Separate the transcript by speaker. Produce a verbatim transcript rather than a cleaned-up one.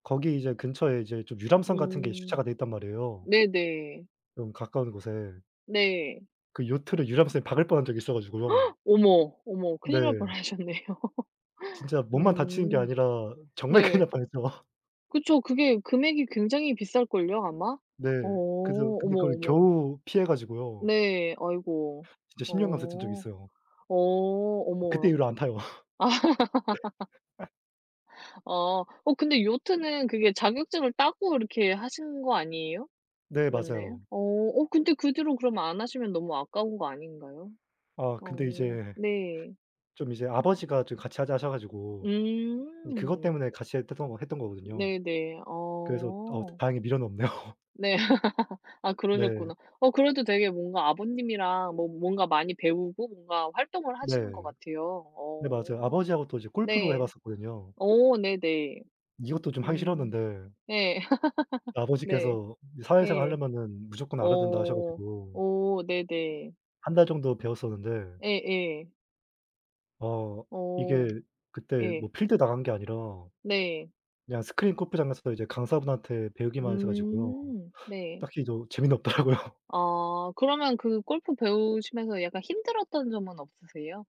Speaker 1: 거기 이제 근처에 이제 좀 유람선 같은 게 주차가
Speaker 2: 음.
Speaker 1: 돼 있단 말이에요.
Speaker 2: 네네.
Speaker 1: 좀 가까운 곳에.
Speaker 2: 네.
Speaker 1: 그 요트를 유람선이 박을 뻔한 적이 있어 가지고요.
Speaker 2: 어머, 어머 큰일 날
Speaker 1: 네.
Speaker 2: 뻔하셨네요.
Speaker 1: 진짜 몸만 다치는 게
Speaker 2: 음.
Speaker 1: 아니라 정말 큰일
Speaker 2: 네.
Speaker 1: 날 뻔했죠.
Speaker 2: 그쵸. 그게 금액이 굉장히 비쌀걸요 아마?
Speaker 1: 네.
Speaker 2: 어
Speaker 1: 그래서 근데
Speaker 2: 어머,
Speaker 1: 그걸
Speaker 2: 어머.
Speaker 1: 겨우 피해 가지고요.
Speaker 2: 네. 아이고.
Speaker 1: 진짜 십 년 감수했던 적이
Speaker 2: 어
Speaker 1: 있어요.
Speaker 2: 어
Speaker 1: 그때
Speaker 2: 어머.
Speaker 1: 이후로 안 타요.
Speaker 2: 어 근데 요트는 그게 자격증을 따고 그렇게 하신 거 아니에요?
Speaker 1: 네.
Speaker 2: 맞나요?
Speaker 1: 맞아요.
Speaker 2: 어 어 근데 그 뒤로 그럼 안 하시면 너무 아까운 거 아닌가요?
Speaker 1: 아 근데
Speaker 2: 어
Speaker 1: 이제
Speaker 2: 네.
Speaker 1: 좀 이제 아버지가 좀 같이 하자 하셔 가지고 이 그것
Speaker 2: 음.
Speaker 1: 때문에 같이 했었던 거 했던 거거든요.
Speaker 2: 네네.
Speaker 1: 그래서 어
Speaker 2: 어.
Speaker 1: 다행히 미련 없네요.
Speaker 2: 네. 아
Speaker 1: 네.
Speaker 2: 그러셨구나. 어 그래도 되게 뭔가 아버님이랑 뭐 뭔가 많이 배우고 뭔가 활동을 하시는 것
Speaker 1: 네.
Speaker 2: 같아요.
Speaker 1: 네 맞아요.
Speaker 2: 어
Speaker 1: 아버지하고 또 이제 골프도 해
Speaker 2: 네
Speaker 1: 봤었거든요.
Speaker 2: 어 네네
Speaker 1: 이것도 좀 하기
Speaker 2: 음
Speaker 1: 싫었는데
Speaker 2: 예 네
Speaker 1: 아버지께서 이 사회생활
Speaker 2: 예
Speaker 1: 할려면은 무조건 알아야 된다 하셔
Speaker 2: 어
Speaker 1: 가지고
Speaker 2: 어 네네.
Speaker 1: 한 달 정도 배웠었는데
Speaker 2: 예예.
Speaker 1: 어
Speaker 2: 어
Speaker 1: 이게 그때
Speaker 2: 예.
Speaker 1: 뭐 필드 나간 게 아니라
Speaker 2: 네.
Speaker 1: 그냥 스크린 골프장에서부터 이제 강사분한테 배우기만 했어 가지고요.
Speaker 2: 음 네.
Speaker 1: 딱히 저 재미는 없더라고요.
Speaker 2: 아 그러면 그 골프 배우시면서 약간 힘들었던 점은 없으세요?